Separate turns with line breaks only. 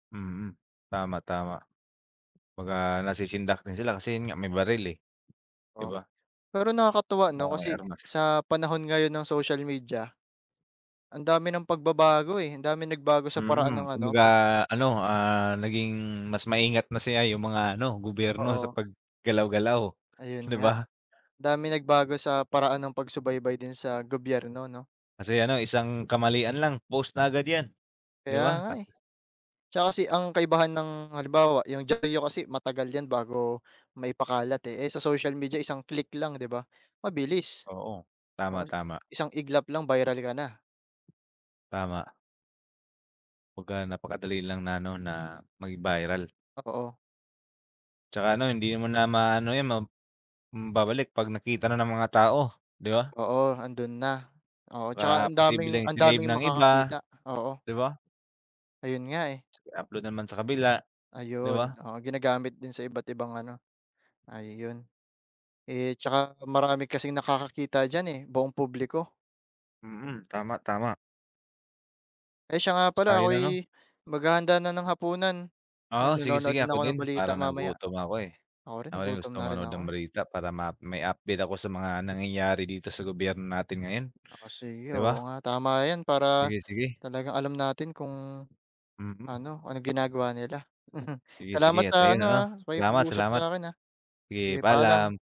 Mm, tama, tama. 'Pag, ah, nasisindak din sila kasi 'yun nga may baril, eh, di
Oh,
ba?
pero nakakatuwa ano
Oo, may
kasi
armas.
sa panahon ngayon ng social media, ang dami ng pagbabago, eh, ang daming nagbago sa paraan
Mm,
ng ano,
kumbaga
pag
ano, ah, naging mas maingat na siya 'yung mga ano gobyerno sa
Oo.
paggalaw-galaw,
Ayun
di
nga,
ba?
daming nagbago sa paraan ng pagsubaybay din sa gobyerno, 'no?
Kasi ano isang kamalian lang post na agad 'yan, di
Kaya
ba.
nga, eh. Tsaka kasi ang kaibahan ng halimbawa 'yung diyaryo kasi matagal 'yan bago maipakalat, eh. Eh, sa social media isang click lang, di ba, mabilis.
Oo,
Oo,
tama, tama.
isang iglap lang, viral ka na.
Tama. Pagka napakadali lang na ano, na maging viral.
Oo.
Tsaka ano hindi mo na maano 'yan ma mm, babalik 'pag nakita na ng mga tao, di ba?
Oo, ando'n na, oo, tsaka
Baka
ang daming
posibleng
ang
sinave
daming
ng iba,
makakakita, oo.
di ba?
Ayun nga, eh.
I-upload naman sa kabila, di ba?
Ayun, oo. Ginagamit din sa iba't ibang ano, ayun. Eh, tsaka marami kasing nakakakita diyan, eh, buong publiko.
Mm, tama, tama.
Eh, siya nga
Tsaka
pala
'yung ano
ako'y maghahanda na ng hapunan, ah,
Oo, sige,
manonood
sige
din
ako
ako ng
din.
balita
Parang
mamaya.
nagutom ako, eh,
Ako rin
ako din
nagutom
gusto
na rin
manood
ako,
ng
eh.
balita para ma may update ako sa mga nangyayari dito sa gobyerno natin ngayon,
Ah, sige,
di ba?
oo, nga, tama 'yan, para
Sige, sige.
talagang alam natin kung
Mm.
ano, anong ginagawa nila.
Sige
Salamat
sige at
sa
ayon
ano,
ano,
ah,
salamat
pakikipag-usap
salamat,
sa'kin, ah,
sige
sige paalam.
paalam.